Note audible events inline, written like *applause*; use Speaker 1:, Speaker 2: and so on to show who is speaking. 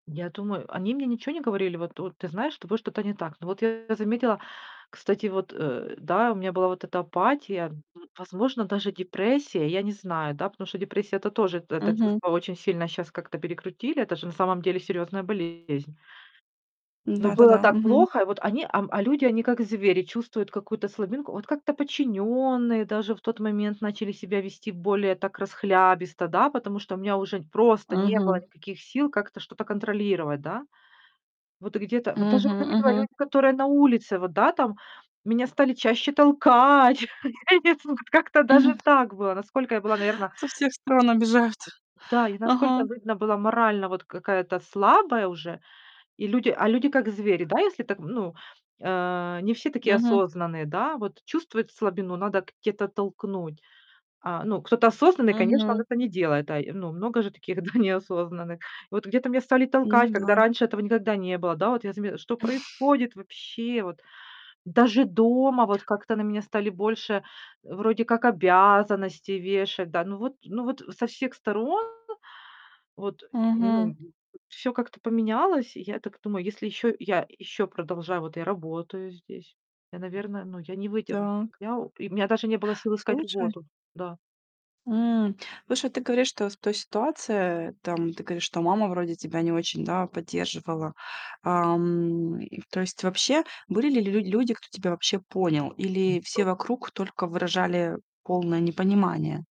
Speaker 1: Я думаю Они мне ниче не говорили: "Вот вот, ты знаешь, с тобой что-то не так". Но вот я заметила, кстати, вот, э, да, у меня была вот эта апатия, возможно, даже депрессия. Я не знаю, да, потому что депрессия- это тоже, это
Speaker 2: Мгм.
Speaker 1: чувство очень сильно щас как-то перекрутили. Это же на самом деле серьёзная болезнь. Но было
Speaker 2: Да-да-да.
Speaker 1: так
Speaker 2: Мгм.
Speaker 1: плохо. И вот они, ам, а люди- они как звери, чувствуют какую-то слабинку. Вот как-то подчинённые даже в тот момент начали себя вести более так расхлябисто, да, потому что у меня уже просто не было
Speaker 2: Мгм.
Speaker 1: никаких сил как-то что-то контролировать, да. Вот где-то вот даже я
Speaker 2: Мгм,
Speaker 1: заметила,
Speaker 2: мгм.
Speaker 1: люди, которые на улице вот, да, там, меня стали чаще толкать. *chuckles* У меня нет слов, вот как-то даже
Speaker 2: М!
Speaker 1: так было, насколько я была, наверно
Speaker 2: Со всех сторон обижают.
Speaker 1: Да, я, насколько,
Speaker 2: Ага.
Speaker 1: видно, была морально, вот, какая-то слабая уже. И люди а люди. как звери, да, если так, ну, э, не все такие
Speaker 2: Мгм.
Speaker 1: осознанные, да. Вот чувствуют слабину, надо где-то толкнуть. А, ну, кто-то осознанный, конечно, он
Speaker 2: Мгм.
Speaker 1: это не делает, да. И, ну, много же таких, да, *chuckles* неосознанных. И вот где-то меня стали толкать,
Speaker 2: Ну
Speaker 1: когда
Speaker 2: да.
Speaker 1: раньше этого никогда не было, да. Вот я заме "Что
Speaker 2: *chuckles*
Speaker 1: происходит вообще?" Вот. Даже дома вот как-то на меня стали больше, э, вроде как обязанностей вешать, да. Ну вот ну вот со всех сторон вот, и,
Speaker 2: Мгм.
Speaker 1: ну, всё как-то поменялось. И я так думаю: "Если еще я еще продолжаю вот я работаю здесь, я, наверное, ну, я не выдержу."
Speaker 2: Так.
Speaker 1: Я и у меня даже не было сил искать
Speaker 2: Слушай
Speaker 1: работу, да.
Speaker 2: М. Слушай, ты говоришь, что в той ситуации, там, ты говоришь, что мама вроде тебя не очень, да, поддерживала. Ам, и то есть вообще, были ли лю людь люди, кто тебя вообще понял, или все
Speaker 1: *unintelligible*
Speaker 2: вокруг только выражали полное непонимание?